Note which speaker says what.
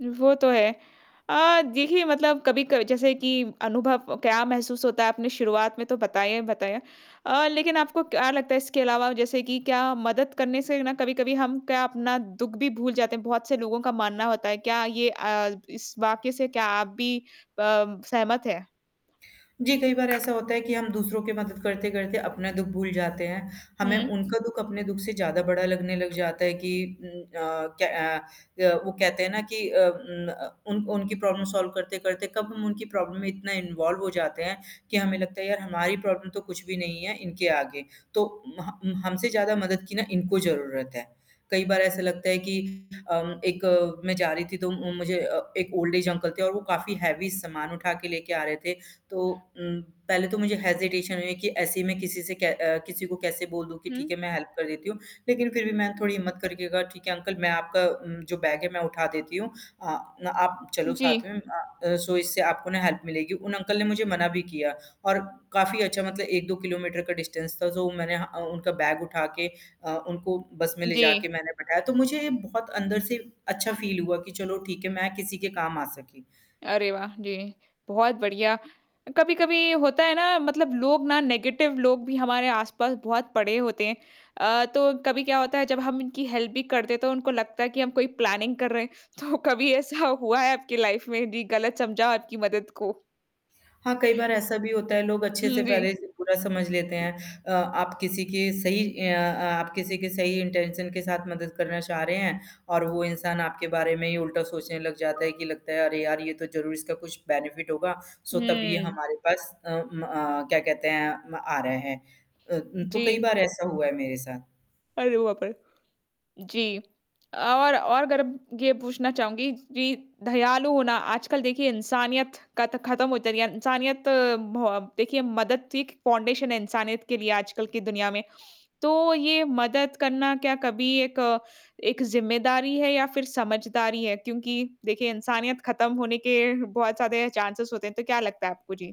Speaker 1: वो तो है। अ, देखिए मतलब कभी क जैसे कि अनुभव क्या महसूस होता है आपने शुरुआत में तो बताया ही बताया। अ, लेकिन आपको क्या लगता है इसके अलावा जैसे कि क्या मदद करने से ना कभी-कभी हम क्या अपना दुःख भी भूल जाते हैं, बहुत से लोगों का मानना होता है, क्या ये अ, इस वाक्य से क्या आप भी प सहमत हैं।
Speaker 2: जी, कई बार ऐसा होता है कि हम दूसरों की मदद करते-करते अपना दुःख भूल जाते हैं। हमें
Speaker 1: हुँ।
Speaker 2: उनका दुःख अपने दुःख से ज़्यादा बड़ा लगने लग जाता है, कि उम, अ, क अ अ, वो कहते हैं ना कि अ, उम, अ, उन उनकी प्रॉब्लम सॉल्व करते-करते कब हम उनकी प्रॉब्लम में इतना इन्वॉल्व हो जाते हैं, कि हमें लगता है यार हमारी प्रॉब्लम तो कुछ भी नहीं है इनके आगे। तो महा उम, हमसे ज़्यादा मदद की ना इनको ज़रूरत है। कई बार ऐसे लगता है कि अम, एक मैं जा रही थी तो उ, मुझे अ, एक ओल्ड ऐज अंकल थे और वो काफ़ी हैवी सामान उठा के लेके आ रहे थे, तो उम, पहले तो मुझे हेजिटेशन हुई है कि ऐसे ही मैं किसी से कै अ, किसी को कैसे बोल दूँ कि ठीक
Speaker 1: हुँ।
Speaker 2: है, मैं हेल्प कर देती हूँ, लेकिन फिर भी मैंने थोड़ी हिम्मत करके कहा, ठीक है अंकल मैं आपका उम, जो बैग है मैं उठा देती हूँ, अ, ना आप चलो
Speaker 1: जी।
Speaker 2: साथ में अ, सो, इससे आपको ना हेल्प मिलेगी। उन अंकल ने मुझे मना भी किया और काफ़ी अच्छा मतलब 1-2 किलोमीटर का डिस्टेंस था तो मैंने ह अ, उनका बैग उठा के अ, उनको बस में ले
Speaker 1: जी।
Speaker 2: जाके मैंने बैठाया, तो मुझे बहुत अंदर से अच्छा फ़ील हुआ कि चलो ठीक है, मैं किसी के काम आ सकी।
Speaker 1: अरे वाह! जी, बहुत बढ़िया। अ, कभी-कभी होता है ना मतलब लोग ना नेगेटिव लोग भी हमारे आस-पास बहुत पड़े होते हैं। अ, तो कभी क्या होता है जब हम इनकी हेल्प भी करते तो उनको लगता है कि हम कोई प्लानिंग कर रहे हैं तो कभी ऐसा हुआ है आपकी लाइफ़ में जी गलत समझा हो आपकी मदद को।
Speaker 2: हाँ, कई बार ऐसा भी होता है लोग अच्छे-से
Speaker 1: हुँ,
Speaker 2: पहले
Speaker 1: जी।
Speaker 2: इसे बुरा समझ लेते हैं। अ, आप किसी के सही अ अ, आप किसी के सही इंटेंशन के साथ मदद करना चाह रहे हैं, और वो इंसान आपके बारे में ही उल्टा सोचने लग जाता है, कि लगता है अरे यार! ये तो ज़रूर इसका कुछ बेनिफिट होगा, सो तब ये
Speaker 1: हुँ।
Speaker 2: हमारे पास अ म क्या कहते हैं म आ रहे हैं। अ, उम, तो कई
Speaker 1: जी।
Speaker 2: बार ऐसा हुआ है मेरे साथ।
Speaker 1: अरे बाप रे! जी। अ, और और अगर अब ये पूछना चहूँगी जी दयालु होना आजकल देखिए इंसानियत क त खत्म [unintelligible] है, इंसानियत बहो देखिए मदद एक फाउंडेशन है इंसानियत के लिए आजकल की दुनिया में, तो ये मदद करना क्या कभी एक एक ज़िम्मेदारी है या फिर समझदारी है क्योंकि देखिए, इंसानियत खत्म होने के बहुत सारे चांसेज़ होते हैं, तो क्या लगता है आपको जी?